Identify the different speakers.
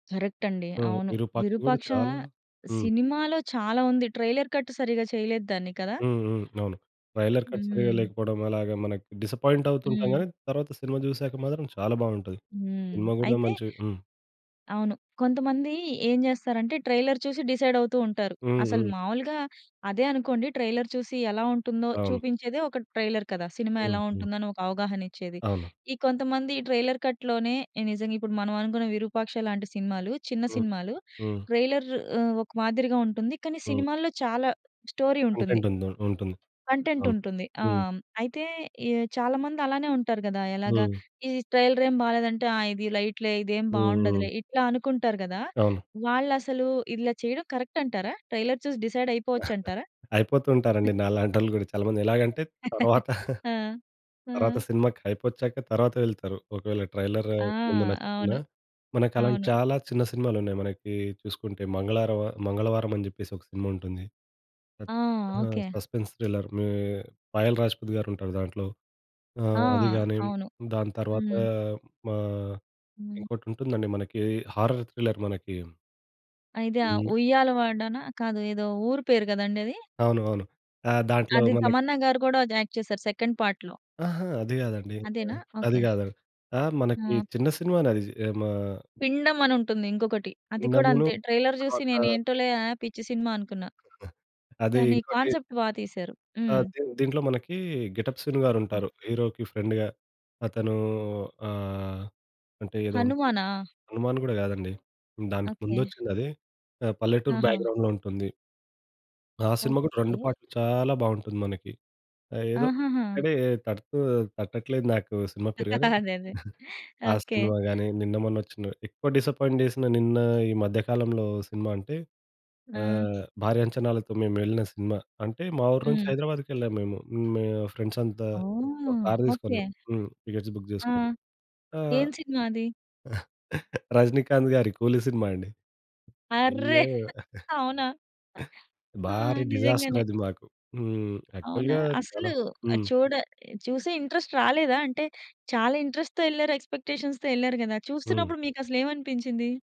Speaker 1: Correct అండి.
Speaker 2: ఆ!
Speaker 1: అవును
Speaker 2: ఇరూపాక్షి గూడా
Speaker 1: విరూపాక్ష
Speaker 2: చాలా హ్మ్.
Speaker 1: సినిమాలో చాలా ఉంది ట్రైలర్ కట్ సరిగ్గా చేయలేదు దాన్ని కదా?
Speaker 2: హ్మ్. హ్మ్. అవును. ట్రైలర్‌కట్ సరిగ్గా
Speaker 1: హ్మ్.
Speaker 2: లేకపోవడం అలాగే మనకి డిస్సప్పాయింటవుతుంటాం
Speaker 1: హ్మ్.
Speaker 2: గాని తర్వాత సినిమా జూసాక మాత్రం చాలా బావుంటది.
Speaker 1: హ్మ్.
Speaker 2: సినిమా గూడా
Speaker 1: అయితే
Speaker 2: మంచి హ్మ్.
Speaker 1: అవును కొంతమంది ఏం చేస్తారంటే ట్రైలర్ చూసి డిసైడ్ అవుతూ ఉంటారు.
Speaker 2: హ్మ్.
Speaker 1: అసలు
Speaker 2: హ్మ్.
Speaker 1: మామూలుగా అదే అనుకోండి ట్రైలర్ చూసి ఎలా ఉంటుందో
Speaker 2: అవును.
Speaker 1: చూపించేదే ఒక ట్రైలర్ కదా. సినిమా ఎలా
Speaker 2: హుహు.
Speaker 1: ఉంటుందో అని ఒక అవగాహనిచ్చేది.
Speaker 2: అవును.
Speaker 1: ఈ కొంతమంది ట్రైలర్ కట్‌లోనే నిజంగా ఇప్పుడు మనం అనుకున్న విరూపాక్ష లాంటి సినిమాలు. చిన్న
Speaker 2: హ్మ్.
Speaker 1: సినిమాలు
Speaker 2: హ్మ్.
Speaker 1: ట్రైలర్ ఆహ్, ఒక మాదిరిగా ఉంటుంది. కానీ
Speaker 2: హ్మ్.
Speaker 1: సినిమాల్లో చాలా స్టోరీ ఉంటుంది.
Speaker 2: కంటెంట్ ఉంది. ఉంటుంది.
Speaker 1: కంటెంట్
Speaker 2: అవును.
Speaker 1: ఉంటుంది. ఆ!
Speaker 2: హ్మ్.
Speaker 1: అయితే ఈ చాలామంది అలానే ఉంటారు గదా. ఎలాగా?
Speaker 2: హ్మ్.
Speaker 1: ఈ ట్రైలరేమి బాలేదంటే ఆ ఇది లైట్ లే ఇదేం బావుండదులే.
Speaker 2: హుహుహు.
Speaker 1: ఇట్లా అనుకుంటారు గదా.
Speaker 2: అవును.
Speaker 1: వాళ్ళసలు ఇలా చేయడం కరక్ట్ అంటారా? ట్రైలర్ చూసి డిసైడ్ అయిపోవచ్చంటారా?
Speaker 2: అయిపోతూంటారండి. నాలాంటోళ్ళు గూడా చాలా మంది. ఎలాగంటే తరవాత
Speaker 1: ఆ!
Speaker 2: తర్వాత
Speaker 1: ఆ!
Speaker 2: సినిమాకి హైపొచ్చాక తర్వాత వెళ్తారు. ఒకవేళ ట్రైలర్
Speaker 1: ఆ!
Speaker 2: ముందు నచ్చకున్నా,
Speaker 1: అవును.
Speaker 2: మనకు అలాంటి
Speaker 1: అవును.
Speaker 2: చాలా చిన్న సినిమాలు ఉన్నాయి. మనకి చూసుకుంటే మంగళారమ, మంగళవారం అని జేప్పేసి ఒక సినిమా ఉంటుంది. ఆహ్,
Speaker 1: ఆ!
Speaker 2: ఆ!
Speaker 1: ఓకే.
Speaker 2: Suspense thriller. మే 'పాయల్ రాజపుత్' గారుంటారు దాంట్లో. ఆ!
Speaker 1: ఆ!
Speaker 2: అది గాని
Speaker 1: అవును.
Speaker 2: దాని తర్వాతా
Speaker 1: హ్మ్.
Speaker 2: మా
Speaker 1: హ్మ్.
Speaker 2: ఇంకోటి ఉంటుందండి మనకి. హారర్ థ్రిల్లర్ మనకి.
Speaker 1: ఐతే ఆ
Speaker 2: హ్మ్.
Speaker 1: ఉయ్యాలవాడనా కాదు ఏదో ఊరు పేరు కదండి అది?
Speaker 2: అవును. అవును. ఆ దాంట్లో
Speaker 1: అది
Speaker 2: మన
Speaker 1: 'తమన్నా' గారు కూడా యాక్ట్ చేసారు సెకండ్ పార్ట్‌లో.
Speaker 2: అహా! అది గాదండి
Speaker 1: అదేనా?
Speaker 2: ఆహ్, అది
Speaker 1: ఓకే.
Speaker 2: గాదు. ఆ! మనకి
Speaker 1: హ్మ్.
Speaker 2: చిన్న సినిమానేది జి ఎ మా
Speaker 1: పిండమని ఉంటుంది ఇంకొకటి అది కూడా
Speaker 2: ఇండములు
Speaker 1: అంతే ట్రైలర్ జూసి
Speaker 2: తర్వాత
Speaker 1: నేను ఏంటోలే ఆ పిచ్చి సినిమా అనుకున్నా.
Speaker 2: అదీ
Speaker 1: కానీ
Speaker 2: ఇంకోటి
Speaker 1: కాన్సెప్ట్ బా తీశారు.
Speaker 2: ఆ!
Speaker 1: హ్మ్.
Speaker 2: దీం దీంట్లో మనకీ 'గెటప్ శీను' గారుంటారు. హీరోకి ఫ్రెండ్‌గా అతను అహ్, అంటే ఏదోన్
Speaker 1: హనుమానా?
Speaker 2: హనుమాన్ గూడా గాదండి. దానికి
Speaker 1: ఓకే.
Speaker 2: ముందొచ్చిందది. ఆ! పల్లెటూరు
Speaker 1: ఆహా!
Speaker 2: బ్యాక్‌గ్రౌండ్‌లో ఉంటుంది. ఆ సినిమా కూడా 2
Speaker 1: ఓకే.
Speaker 2: పార్ట్‌‌లు చాలా బావుంటుంది మనకి. ఆ ఏదో
Speaker 1: ఆహాహా!
Speaker 2: తడి తడుతు తట్టట్లేదు నాకు సినిమా పేరు గాని
Speaker 1: అదే అదే.
Speaker 2: ఆ
Speaker 1: ఓకే.
Speaker 2: సినిమా గాని నిన్నమొన్న ఒచ్చిన ఎక్కువ డిసప్పాయింట్ చేసిన నిన్న ఈ మధ్య కాలంలో సినిమా అంటే
Speaker 1: ఆ!
Speaker 2: ఆహ్, భారీ అంచనాలతో మేము వెళ్ళిన సినిమా. అంటే మా ఊరు నుంచి
Speaker 1: హ్మ్.
Speaker 2: హైదరాబాద్‌కేళ్ళాము మేము. మే ఫ్రెండ్స్ అంతా ఒక
Speaker 1: ఓహ్!
Speaker 2: కార్ తీసుకొని.
Speaker 1: ఓకే.
Speaker 2: హ్మ్. టికెట్స్ బుగ్
Speaker 1: ఆ!
Speaker 2: జేసుకొని.
Speaker 1: ఏం
Speaker 2: ఆహ్,
Speaker 1: సినిమా అది?
Speaker 2: రజినీకాంత్ గారి కూలి సినిమా అండి.
Speaker 1: ఆర్రే
Speaker 2: అయ్యో!
Speaker 1: అవునా? ఆ
Speaker 2: భారీ డిజాస్టర్
Speaker 1: నిజంగానే.
Speaker 2: అది మాకు. హ్మ్
Speaker 1: అవునా?
Speaker 2: యాక్చువల్‌గా చాలా
Speaker 1: అసలు ఆహ్,
Speaker 2: హ్మ్.
Speaker 1: చూడ చూసే ఇంట్రెస్ట్ రాలేదా అంటే చాలా ఇంట్రెస్ట్‌తో ఎళ్ళారు ఎక్స్‌పెక్‌టే‌షన్స్‌తొ ఎళ్ళారు గదా
Speaker 2: హ్మ్.
Speaker 1: చూస్తున్నప్పుడు మీకు అసలేమనిపించింది?